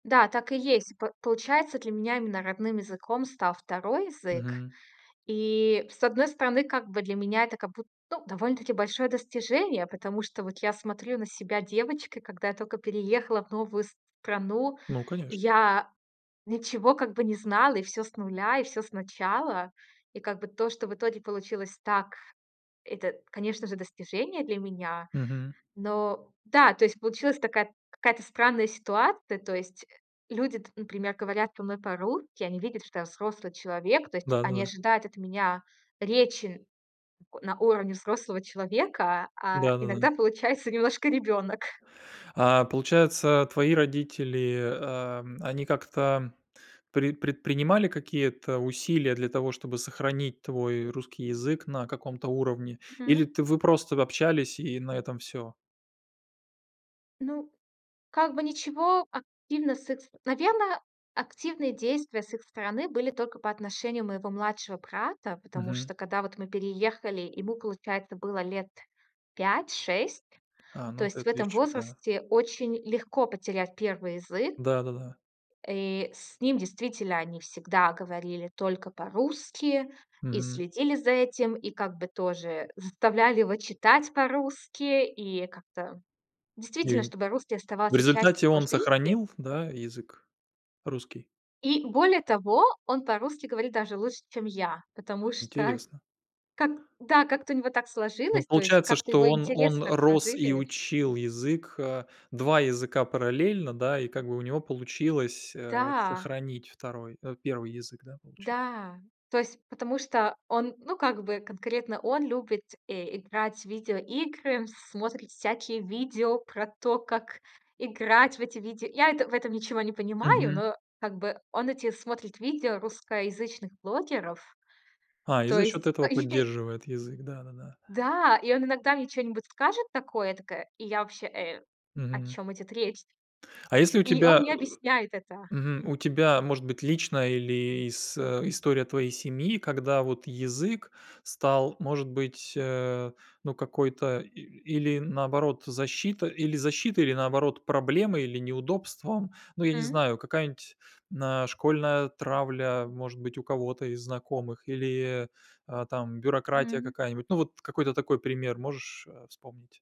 Да, так и есть. П получается, для меня именно родным языком стал второй язык. Мгм. И с одной стороны, как бы для меня это как бу ну, довольно-таки большое достижение. Потому что вот я смотрю на себя девочкой, когда я только переехала в новую страну. Ну конечно. Я ничего как бы не знала, и всё с нуля, и всё сначала. И как бы то, что в итоге получилось так, это, конечно же, достижение для меня. Мгм. Но да, то есть получилась такая какая-то странная ситуация. То есть, э, люди, т например, говорят со мной по-русски. Они видят, что я взрослый человек. То есть они Да-да-да. ожидают от меня речи на у уровне взрослого человека. А Да-да-да. иногда получается немножко ребёнок. А получается, твои родители, ам, они как-то пред предпринимали какие-то усилия для того, чтобы сохранить твой русский язык на каком-то уровне, или Мгм. ты вы просто общались, и на этом всё? Ну, как бы ничего активно с их ст Наверное, активные действия с их стороны были только по отношению моего младшего брата. Потому Мгм. что, когда вот мы переехали, ему, получается, было лет 5-6. А, То ну,, есть в этом [unintelligible] да. возрасте очень легко потерять первый язык. Да-да-да. И с ним действительно они всегда говорили только по-русски, и Мгм. следили за этим, и как бы тоже заставляли его читать по-русски. И как-то, И, действительно, м, чтобы русский в оставался частью результате его он жизни. сохранил, да, язык русский? И более того, он по-русски говорит даже лучше, чем я, потому что Интересно. как, да, как-то у него так Ну, сложилось. То есть получается, как-то что его он интерес он так рос и сложились. учил язык, а, 2 языка параллельно, да, и, как бы, у него получилось, э, Да. сохранить второй, э, первый язык, да, получа Да. То есть потому что он, ну, как бы, конкретно он любит, э, играть в видеоигры, смотрит всякие видео про то, как играть в эти видео Я это в этом ничего не понимаю, Мгм. но, как бы, он эти смотрит видео русскоязычных блогеров. А, и То за счёт есть. этого [unintelligible] поддерживает язык. Да-да-да. Да, и он иногда мне чё-нибудь скажет такое, я такая: "И я вообще, э, о Мгм. чём идёт речь?" А если у И он тебя мне объясняет это. э, мгм. У тебя может быть личная или с э, история твоей семьи, когда вот язык стал, может быть, а, ну, какой-то, э, или, наоборот, защита, или защитой, или, наоборот, проблемой, или неудобством? Ну, я не Мгм. знаю, какая-нибудь на школьная травля, может быть, у кого-то из знакомых, или, а там, бюрократия Мгм. какая-нибудь. Ну, вот какой-то такой пример можешь, э, вспомнить?